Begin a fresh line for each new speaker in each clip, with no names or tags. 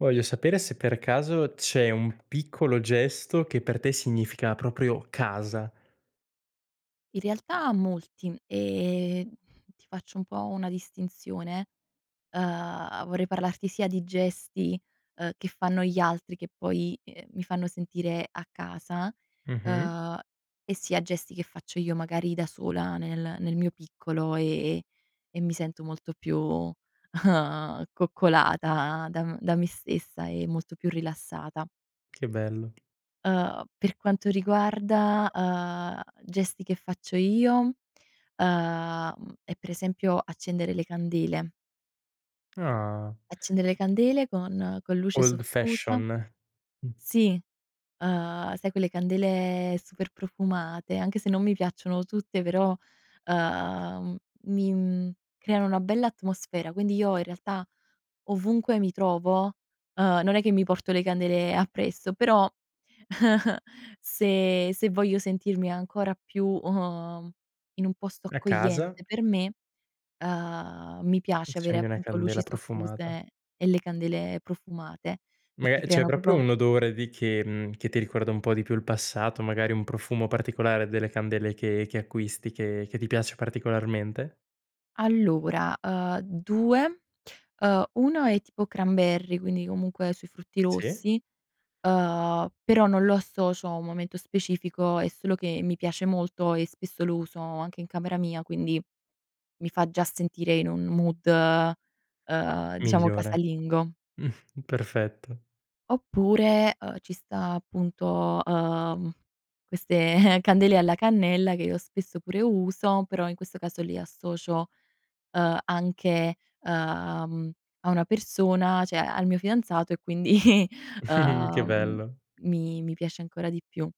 Voglio sapere se per caso c'è un piccolo gesto che per te significa proprio casa.
In realtà molti, ehm, ti faccio un po' una distinzione, uhm, vorrei parlarti sia di gesti, uhm, che fanno gli altri che poi, ehm, mi fanno sentire a casa,
Mh-mh.
uhm, e sia gesti che faccio io magari da sola nel nel mio piccolo, ehm, e mi sento molto più coccolata da m da me stessa e molto più rilassata.
Che bello.
Uhm, per quanto riguarda, uhm, gesti che faccio io, uhm, è per esempio accendere le candele.
Ah.
Accendere le candele con con luce
Old
soffusa
fashion. Mh.
Sì, uhm, sai quelle candele super profumate, anche se non mi piacciono tutte però, uhm, mi, mhmm, creano una bella atmosfera quindi io in realtà ovunque mi trovo, uhm, non è che mi porto le candele appresso però, se se voglio sentirmi ancora più, uhm, in un posto
A casa.
accogliente per me, uhm, mi piace avere
Accendi una
appunto luci
candela profumata.
soffuse e le candele profumate
Ma
perché
è c'è
creano
proprio
proprio
un odore di che mhmm, che ti ricorda un po' di più il passato, magari un profumo particolare delle candele che che acquisti, che che ti piace particolarmente?
Allora, uhm, 2, uhm, 1 è tipo cranberry quindi, comunque, sui frutti
Sì.
rossi, uhm, però non lo associo a un momento specifico è solo che mi piace molto, e spesso lo uso anche in camera mia quindi, mi fa già sentire in un mood uhm, diciamo
Migliore.
"casalingo".
perfetto.
Oppure, uhm, ci sta appunto, uhm, queste candele alla cannella, che io spesso pure uso, però in questo caso lì associo, uhm, anche, uhm, cioè a una persona cioè al mio fidanzato e quindi, uhm,
Che
mhmm,
bello!
mi mi piace ancora di più.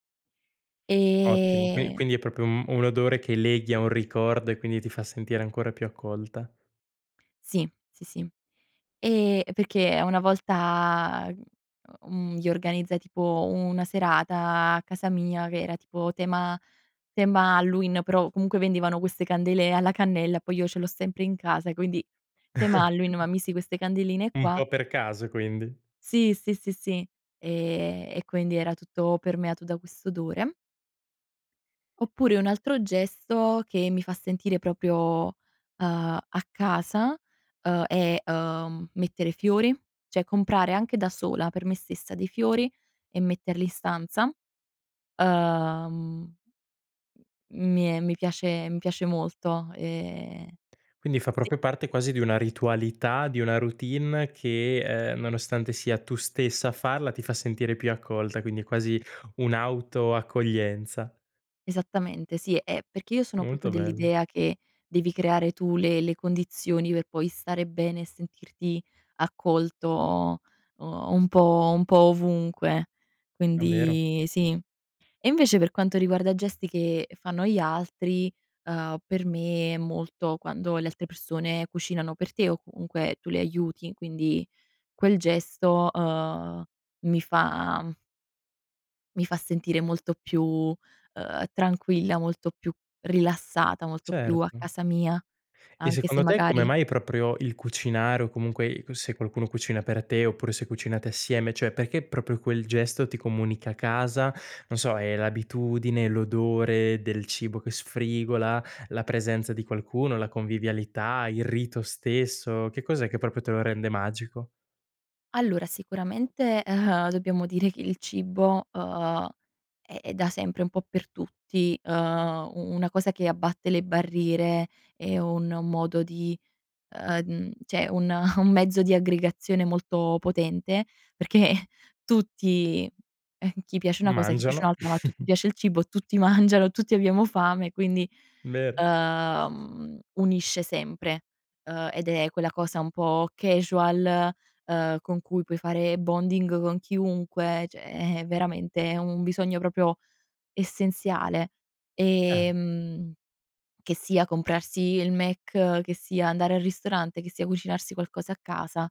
Ottimo! Qui
Ehm.
quindi è proprio un un odore che leghi a un ricordo e quindi ti fa sentire ancora più accolta.
Sì, sì, sì. Ehm, perché una volta, mhmm, gli organizzai tipo una serata a casa mia, che era tipo tema tema Halloween però, comunque vendevano queste candele alla cannella, poi io ce l'ho sempre in casa quindi, tema Halloween ma misi queste candeline
Un
qua.
po' per caso quindi.
Sì, sì, sì, sì. Ehm, e quindi era tutto permeato da quest'odore. Oppure un altro gesto che mi fa sentire proprio, uhm, a casa, uhm, è, uhm, mettere fiori, cioè comprare anche da sola, per me stessa, dei fiori e metterli in stanza uhm mi è mi piace mi piace molto, ehm
Quindi fa
sì.
proprio parte quasi di una ritualità, di una routine che, ehm, nonostante sia tu stessa a farla, ti fa sentire più accolta, quindi è quasi un'auto accoglienza.
Esattamente sì, eh, perché io sono proprio
Molto bello.
dell'idea che, devi creare tu le le condizioni per poi stare bene e sentirti accolto, un po' un po' ovunque,
È vero?
quindi sì. E invece per quanto riguarda gesti che fanno gli altri, ehm, per me è molto quando le altre persone cucinano per te, o comunque tu li aiuti, quindi quel gesto, uhm, mi fa mi fa sentire molto più, uhm, tranquilla, molto più rilassata, molto più a
Certo.
casa mia
E
anche se
secondo te, come
magari
mai proprio il cucinare o comunque il c se qualcuno cucina per te, oppure se cucinate assieme, cioè perché proprio quel gesto ti comunica casa? Non so è l'abitudine, l'odore del cibo che sfrigola, la presenza di qualcuno, la convivialità, il rito stesso, che cos'è che proprio te lo rende magico?
Allora sicuramente, uhm, dobbiamo dire che il cibo, uhm, è è da sempre un po' per tutti, uhm, u una cosa che abbatte le barriere, è un modo di, uhm, cioè un un mezzo di aggregazione molto potente, perchè tutti, chi piace una cosa, a chi piace
Mangiano.
un'altra, ma a tutti piace il cibo, tutti mangiano, tutti abbiamo fame, quindi,
Vero.
uhm, mhmm, unisce sempre! Uhm, ed è quella cosa un po' casual, uhm, con cui puoi fare bonding con chiunque cioè è veramente un bisogno proprio essenziale.
Eh!
Ehm, che sia comprarsi il McDonald's, che sia andare al ristorante, che sia cucinarsi qualcosa a casa,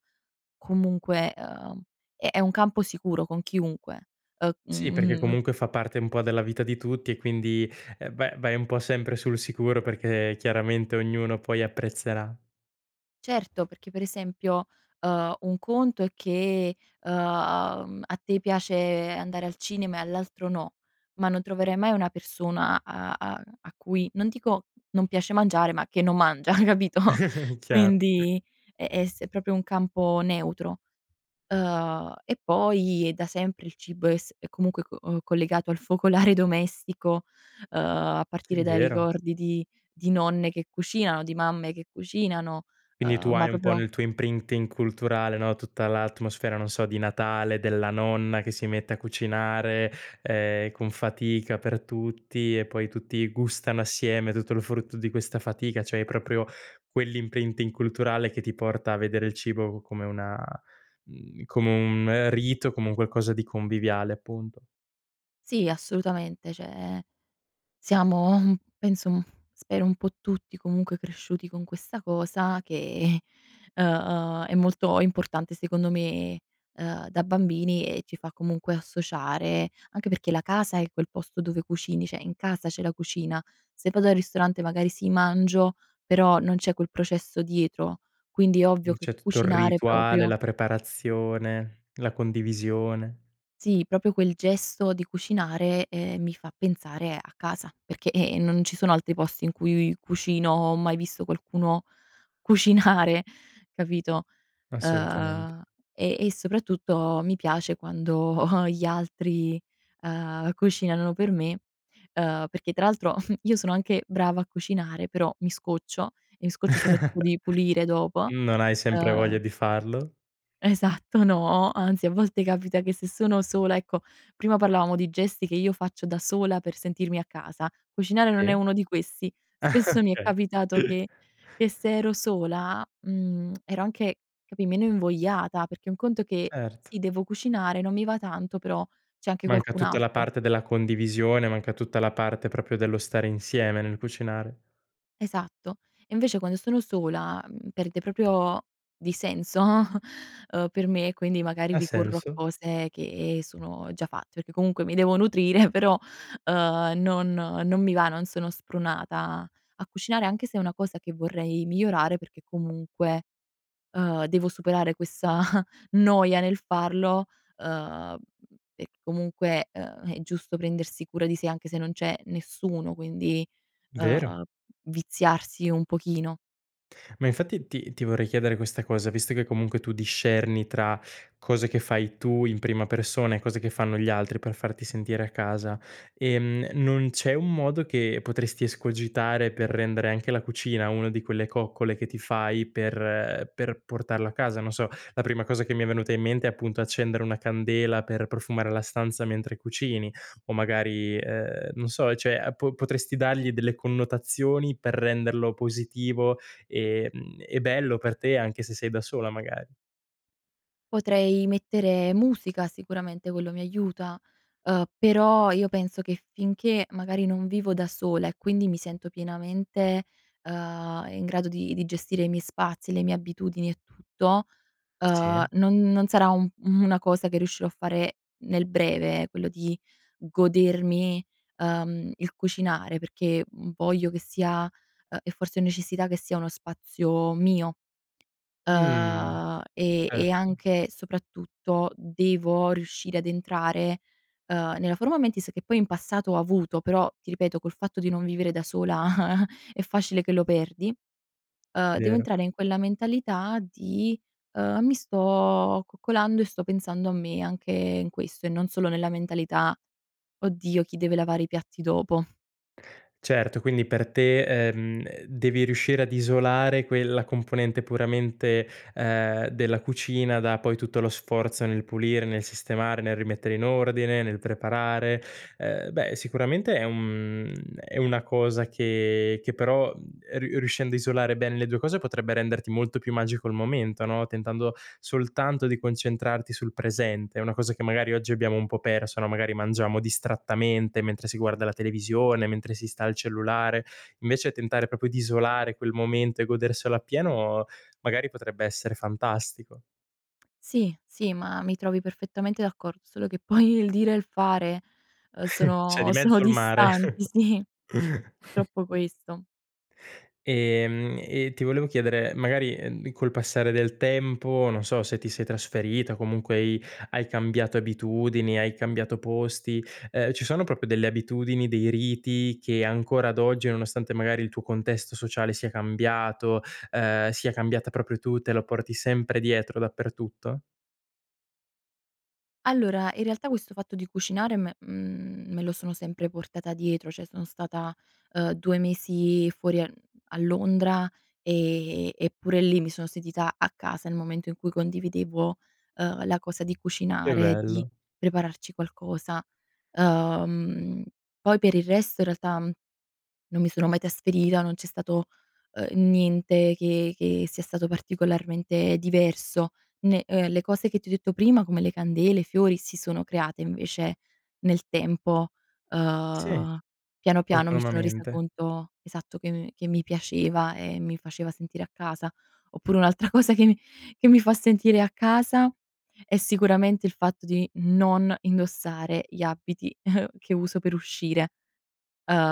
comunque, uhm, è un campo sicuro con chiunque, uhm,
Sì, perché
mhmm
comunque fa parte un po' della vita di tutti e quindi, va vai un po' sempre sul sicuro perché chiaramente ognuno poi apprezzerà.
Certo, perché per esempio, uhm, un conto è che, uhm, a te piace andare al cinema e all'altro no, ma non troverai mai una persona a a a cui non dico non piace mangiare, ma che non mangia. capito?
Chiaro.
Quindi è è s è proprio un campo neutro. Uhm, e poi, è da sempre il cibo è s è comunque c collegato al focolare domestico, uhm, a
Sì,
partire dai
vero.
ricordi di di nonne che cucinano, di mamme che cucinano,
Quindi
uhm,
tu
ma
hai un po'
proprio
nel tuo imprinting culturale no, tutta l'atmosfera non so di Natale, della nonna che si mette a cucinare, ehm, con fatica per tutti e poi tutti gustano assieme tutto il frutto di questa fatica. Cioè hai proprio quell' imprinting culturale che ti porta a vedere il cibo c come una, mhmm, come un rito, come un qualcosa di conviviale appunto.
Sì assolutamente, cioè siamo, mhmm, penso, mhmm, spero un po' tutti comunque cresciuti con questa cosa che, uhm, è molto importante secondo me, uhm da bambini e ci fa comunque associare anche perché la casa è quel posto dove cucini, cioè in casa c'è la cucina, se vado al ristorante magari sì, mangio, però, non c'è quel processo dietro. Quindi è ovvio che
Cioè tutto il
cucinare
rituale,
proprio
la preparazione, la condivisione.
Sì proprio quel gesto di cucinare, ehm, mi fa pensare a casa perché, ehm, non ci sono altri posti in cui io cucino o ho mai visto qualcuno cucinare capito?
Assolutamente.
Uhm, e e soprattutto mi piace quando gli altri, ehm cucinano per me, uhm, perché tra l'altro, io sono anche brava a cucinare, però mi scoccio e mi scoccio soprattutto di pulire dopo.
Non hai sempre voglia
Uhm
di farlo?
Esatto, no! Anzi, a volte capita che se sono sola ecco, prima parlavamo di gesti che io faccio da sola per sentirmi a casa, cucinare non è
Sì.
uno di questi; spesso mi è
Okay.
capitato che che se ero sola, mhmm, ero anche, capì, meno invogliata, perché un conto è che,
Certo.
sì devo cucinare non mi va tanto però, c'è anche
Manca
qualcun
tutta la
altro.
parte della condivisione, manca tutta la parte proprio dello stare insieme nel cucinare.
Esatto. E invece quando sono sola, mhmm, perde proprio di senso, ehm, per me quindi magari
Ha
ricorro a
senso.
cose che sono già fatte perché comunque mi devo nutrire però, uhm, non non mi va, non sono spronata a cucinare anche se è una cosa che vorrei migliorare perché comunque, uhm, devo superare questa noia nel farlo, uhm, e comunque, uhm, è giusto prendersi cura di sé anche se non c'è nessuno quindi,
Vero.
uhm, viziarsi un pochino.
Ma infatti ti ti vorrei chiedere questa cosa, visto che comunque tu discerni tra cose che fai tu in prima persona e cose che fanno gli altri per farti sentire a casa, ehm, e non c'è un modo che potresti escogitare per rendere anche la cucina una di quelle coccole che ti fai per per portarla a casa? Non so, la prima cosa che mi è venuta in mente è appunto accendere una candela per profumare la stanza mentre cucini, o magari, ehm, non so, ehm, cioè a po potresti dargli delle connotazioni per renderlo positivo e, mhmm, e bello per te anche se sei da sola magar
Potrei mettere musica, sicuramente quello mi aiuta, uhm, però io penso che finché magari non vivo da sola e quindi mi sento pienamente, ehm, in grado di di gestire i miei spazi, le mie abitudini e tutto,
Sì.
ehm, non non sarà un u una cosa che riuscirò a fare nel breve, ehm, quello di godermi, ehm, il cucinare, perché, mhmm, voglio che sia, ehm, e forse necessità che sia uno spazio mio.
Mh.
Ehm, e e
Certo.
anche soprattutto devo riuscire ad entrare, uhm, nella forma mentis che poi in passato ho avuto; però ti ripeto col fatto di non vivere da sola è facile che lo perdi. Uhm, devo
Vero.
entrare in quella mentalità di, uhm: "Mi sto coccolando e sto pensando a me anche in questo", e non solo nella mentalità: "Oddio, chi deve lavare i piatti dopo".
Certo, quindi per te, ehm, ehm, devi riuscire ad isolare quella componente puramente, ehm, della cucina da poi tutto lo sforzo nel pulire, nel sistemare, nel rimettere in ordine, nel preparare. Eh beh, sicuramente è un, mhmm, è una cosa che che però, mhmm, e riu e riuscendo a isolare bene le 2 cose potrebbe renderti molto più magico il momento, no, tentando soltanto di concentrarti sul presente. È una cosa che magari oggi abbiamo un po' perso no, magari mangiamo distrattamente mentre si guarda la televisione, mentre si sta al cellulare. Invece tentare proprio di isolare quel momento e goderselo appieno, magari potrebbe essere fantastico.
Sì, sì, ma mi trovi perfettamente d'accor solo che poi il dire e il fare, ehm,
C'è
sono
di
sono
mezzo il mare.
distanti, sì. Purtroppo questo.
Ehm, e ti volevo chiedere, ehm, magari, ehm, col passare del tempo, non so se ti sei trasferita o comunque hai hai cambiato abitudini, hai cambiato posti, ehm, ci sono proprio delle abitudini, dei riti che ancora ad oggi, nonostante magari il tuo contesto sociale sia cambiato, ehm, sia cambiata proprio tu, te lo porti sempre dietro, dappertutto?
Allora, in realtà questo fatto di cucinare me, mhmm, me lo sono sempre portata dietro, cioè sono stata, uhm, 2 mesi fuori a, mhmm, a Londra e e eppure lì mi sono sentita a casa nel momento in cui condividevo, ehm, la cosa di
Che
cucinare, di
bello.
prepararci qualcosa. Ehm, poi per il resto in realtà, mhmm, non mi sono mai trasferita, non c'è stato, uhm, niente che che sia stato particolarmente diverso ne ehm, le cose che ti ho detto prima, come le candele, i fiori, si sono create invece nel tempo.
Sì.
Uhm, piano, piano mi sono resa
Autonomamente.
conto esatto, che, mhmm, che mi piaceva e mi faceva sentire a casa. Oppure un'altra cosa che che mi fa sentire a casa è sicuramente il fatto di non indossare gli abiti che uso per uscire.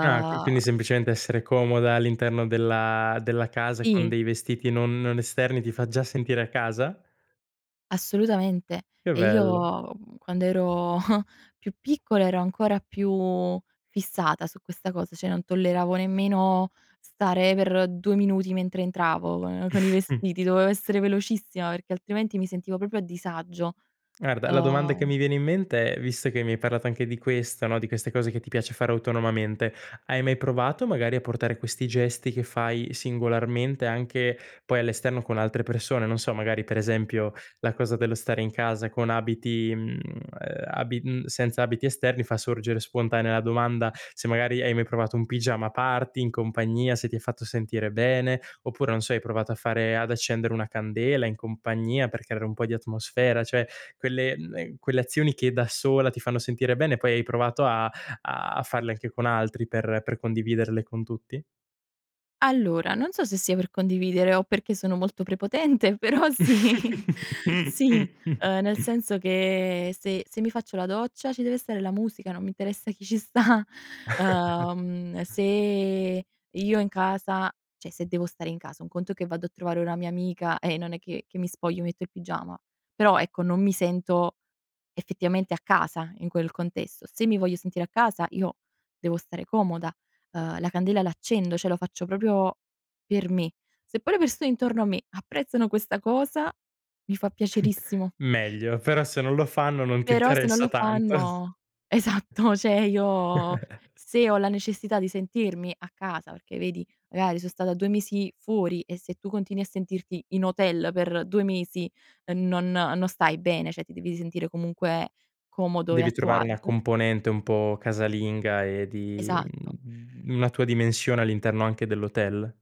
Ah, qu quindi semplicemente essere comoda all'interno della della casa con
Sì.
dei vestiti non non esterni ti fa già sentire a casa?
Assolutamente,
Che
e
bello.
io, mhmm, quando ero più piccola ero ancora più fissata su questa cosa, cioè non tolleravo nemmeno stare per 2 minuti mentre entravo con con i vestiti, dovevo essere velocissima, perché altrimenti mi sentivo proprio a disagio.
Guarda la domanda che
Uhm
mi viene in mente è, visto che mi hai parlato anche di questa no, di queste cose che ti piace fare autonomamente, hai mai provato magari a portare questi gesti che fai singolarmente anche poi all'esterno con altre persone? Non so, magari, per esempio, la cosa dello stare in casa con abiti, mhmm, ehm, abi mhmm, senza abiti esterni fa sorgere spontanea la domanda: se magari hai mai provato un pigiama party in compagnia, se ti ha fatto sentire bene, oppure, non so, hai provato a fare ad accendere una candela in compagnia per creare un po' di atmosfera, cioè quelle, ehm, quelle azioni che da sola ti fanno sentire bene poi hai provato a a farle anche con altri per per condividerle con tutti?
Allora, non so se sia per condividere o perché sono molto prepotente però sì. Sì, ehm, nel senso che se se mi faccio la doccia ci deve essere la musica, non mi interessa chi ci sta. Uhm, se io in casa cioè, se devo stare in casa, un conto è che vado a trovare una mia amica e non è che che mi spoglio e metto il pigiama; però ecco non mi sento effettivamente a casa in quel contesto. Se mi voglio sentire a casa io devo stare comoda, uhm, la candela l'accendo, cioè lo faccio proprio per me. Se poi le persone intorno a me apprezzano questa cosa mi fa piacerissimo.
Meglio però se non lo fanno non ti
Però se non
interessa
lo
tanto.
fanno esatto cioè io se ho la necessità di sentirmi a casa perché vedi, magari son stata 2 mesi fuori e se tu continui a sentirti in hotel per 2 mesi e non non stai bene, cioè ti devi sentire comunque comodo e a
Devi
tuo
trovare una
agio.
componente un po' casalinga e di,
Esatto.
mhmm, una tua dimensione all'interno anche dell'hotel?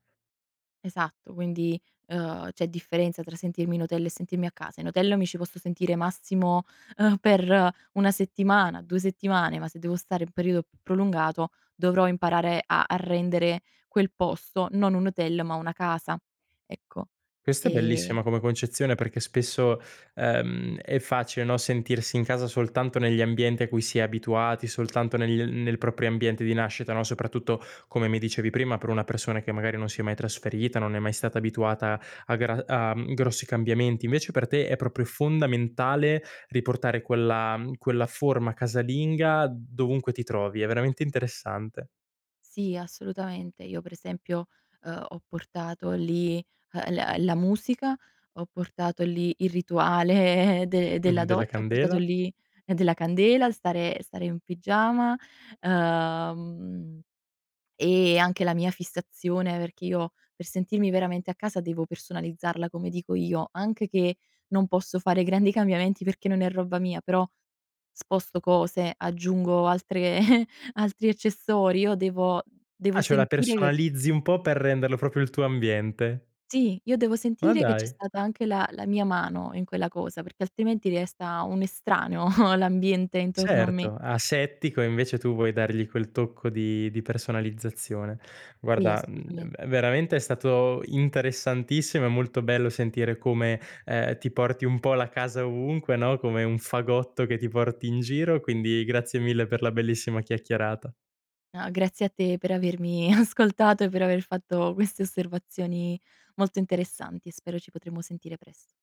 Esatto, quindi, ehm, c'è differenza tra sentirmi in hotel e sentirmi a casa. In hotel mi ci posso sentire massimo, ehm, per 1 settimana, 2 settimane, ma se devo stare un perio più prolungato dovrò imparare a a rendere quel posto non un hotel ma una casa. Ecco.
Questa è
Ehm
bellissima come concezione perché spesso, ehm, è facile, no, sentirsi in casa soltanto negli ambienti a cui si è abituati, soltanto negli, mhmm, nel proprio ambiente di nascita, no, soprattutto, come mi dicevi prima, per una persona che magari non si è mai trasferita, non è mai stata abituata a gra a, mhmm, grossi cambiamenti. Invece per te è proprio fondamentale riportare quella, mhmm, quella forma casalinga dovunque ti trovi. È veramente interessante.
Sì assolutamente. Io per esempio, uhm, ho portato lì, uhm, la la musica, ho portato lì il rituale de della
Mh, della
doccia, ho portato
candela.
lì della candela, stare stare in pigiama, ehm, e anche la mia fissazione perché io, per sentirmi veramente a casa devo personalizzarla come dico io, anche che non posso fare grandi cambiamenti perché non è roba mia però, sposto cose aggiungo altre altri accessori; io devo devo
Ah cioè la
sentire che
personalizzi un po' per renderlo proprio il tuo ambiente.
Sì, io devo
Ma
sentire che c'è
dai.
stata anche la la mia mano in quella cosa, perché altrimenti resta un estraneo l'ambiente intorno a me.
Certo, asettico invece tu vuoi dargli quel tocco di di personalizzazione.
Sì
Guarda, mhmm,
assolutamente.
v veramente è stato interessantissimo, è molto bello sentire come, ehm, ti porti un po' la casa ovunque, no, come un fagotto che ti porti in giro quindi grazie mille per la bellissima chiacchierata.
No, grazie a te per avermi ascoltato e per aver fatto queste osservazioni molto interessanti. Spero ci potremo sentire presto.